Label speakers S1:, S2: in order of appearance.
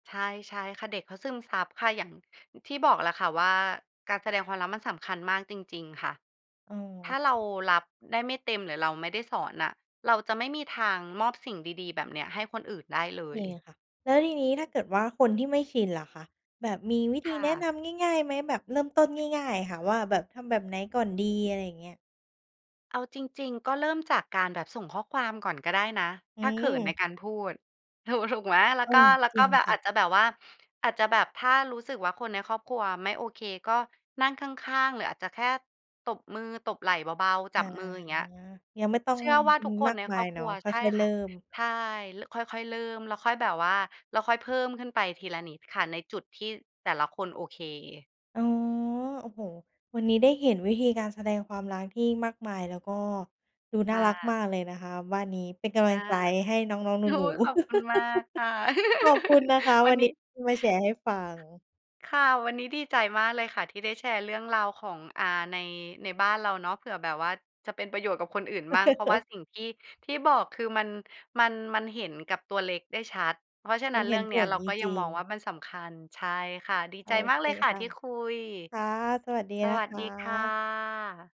S1: ใช่ ใช่ค่ะ เด็กเขาซึมซับค่ะ อย่างที่บอกแหละค่ะว่าการแสดงความรักมันสำคัญมากจริง ๆ ค่ะ
S2: อ๋
S1: ถ้
S2: อ
S1: าเรารับได้ไม่เต็มหรือเราไม่ได้สอนน่ะ เราจะไม่มีทางมอบสิ่งดี ๆ แบบเนี้ยให้คนอื่นได้เล
S2: เค
S1: ย
S2: ค่ะ แล้วทีนี้ถ้าเกิดว่าคนที่ไม่ชินล่ะคะ แบบมีวิธ
S1: ค
S2: ี
S1: ่
S2: แนะ
S1: ะ
S2: นำง่าย ๆ ไหมแบบเริ่มต้นง่าย ๆ อะค่ะ ว่าแบบทำแบบไหนก่อนดี? อะไรอย่างเงี้ย
S1: เอาจริง ๆ ก็เริ่มจากการแบบส่งข้อความก่อนก็ได้นะ
S2: อื
S1: ถ้าเขินใน
S2: ม
S1: การพูด ถูก ถูกไหม แล้ว
S2: เอ
S1: ก็
S2: อ
S1: แล้ว
S2: จร
S1: ก
S2: ิ
S1: ็
S2: ง
S1: แบบ
S2: ค่
S1: อ
S2: ะ
S1: าจจะแบบว่า อาจจะแบบถ้ารู้สึกว่าคนในครอบครัวอะไม่โอเค ก็นั่งข้าง ๆ หรืออาจจะแค่ตบมือ ตบไหล่เบา ๆ
S2: อ
S1: จ
S2: า
S1: ับมือ อย่างเงี้ย
S2: ยังไม่ต้อง
S1: เชื่อว่าท
S2: ม
S1: ุกค
S2: ม
S1: น
S2: า
S1: ใ
S2: ก
S1: น
S2: ม
S1: ค
S2: า
S1: รอ
S2: ย
S1: บ
S2: เ
S1: ค
S2: นา
S1: ร
S2: ะ
S1: ัว
S2: ค
S1: ใช่
S2: ่อย ๆ
S1: ค
S2: เริ
S1: ่
S2: ่
S1: ะ
S2: ม
S1: ใช่ ล ค่อย ๆ เริ่มแล้วค่อยแบบว่า แล้วค่อยเพิ่มขึ้นไปทีละนิดค่ะในจุดที่แต่ละคนโอเค
S2: อ๋อ โอ้โฮ วันนี้ได้เห็นวิธีการแสดงความรักที่มากมาย แล้วก็ดูน
S1: ค
S2: ่า
S1: ่
S2: รัก
S1: ะ
S2: มากเลยนะคะ บ้านนี้เป็นกำล
S1: อ
S2: ั
S1: า
S2: งใจให้น้อง
S1: โอ้
S2: ๆ หนู
S1: ย ขอบคุณ
S2: ๆ
S1: มากค่ะ
S2: ขอบคุณนะคะ
S1: วั
S2: วั
S1: น
S2: น
S1: น
S2: น
S1: ี
S2: ี
S1: ้
S2: ้ที่มาแชร์ให้ฟัง
S1: ค่ะ วันนี้ดีใจมากเลยค่ะที่ได้แชร์เรื่องราวของ อ่า ใน ในบ้านเราเนาะ เผื่อแบบว่าจะเป็นประโยชน์กับคนอื่นบ้าง เพราะว่าสิ่งที่ ที่บอกคือมัน มัน มันเห็นกับตัวเล็กได้ชัด เพราะฉะ
S2: ม
S1: นั
S2: ั
S1: ้
S2: น
S1: น
S2: เ
S1: เร
S2: ห
S1: ื
S2: ็
S1: ่
S2: น
S1: องเน
S2: ผ
S1: ี้ย
S2: ล
S1: เรา
S2: จ
S1: ก็ยั
S2: ร
S1: ง
S2: ิ
S1: ม
S2: ง
S1: องว
S2: ๆ
S1: ่ามันสำคัญ ใช่ค่ะ ดี
S2: โอ
S1: ใจมา
S2: เ
S1: ก
S2: ค
S1: เลยค่ะ
S2: ค่ะ
S1: ที่คุย
S2: ค่ะ สวัสดี
S1: ส
S2: นะ
S1: วัส
S2: ค
S1: ดี ค่
S2: ะ
S1: ะ